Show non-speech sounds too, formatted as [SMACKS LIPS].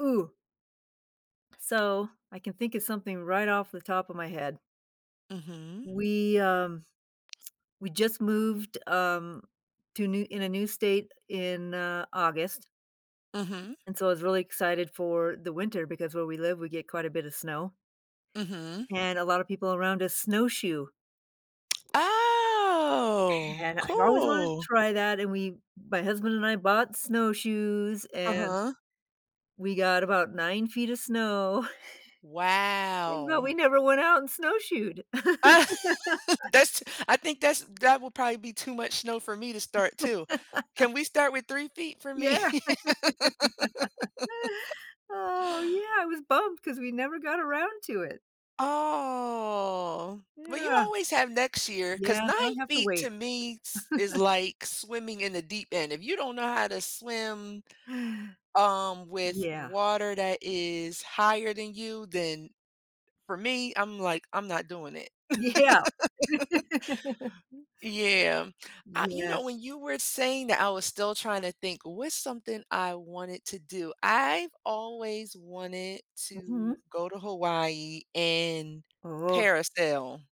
Ooh. So, I can think of something right off the top of my head. Mhm. We, um, we just moved, um, to a new in a new state in, uh, August Mhm. and so I was really excited for the winter because where we live, we get quite a bit of snow Mhm. and a lot of people around us snowshoe. [SMACKS LIPS] Oh, And I've always wanted to cool. try that, and we, my husband and I, bought snowshoes, and Uh-huh. we got about 9 feet of snow, [CHUCKLES] but Wow. we never went out and snowshoed. [LAUGHS] [LAUGHS] That's I think that's that will probably be too much snow for me to start, too. [LAUGHS] Can we start with 3 feet for Yeah. me? [LAUGHS] [LAUGHS] Oh, yeah, I was bummed because we never got around to it. Aw, but you Yeah. always have next year, Yeah, 'cause now I 9 have to feet to wait. me s is [LAUGHS] like swimming in the deep end, if you don't know how to swim, um, with Yeah. water that is higher than you, then, for me, I'm like, I'm not doing it. Yeah. [LAUGHS] [LAUGHS] Yeah, uh, you know, Yes. when you were saying that, I was still trying to think, "What's something I wanted to do?" I've always wanted Mhm. to go to Hawaii and Oh. parasail.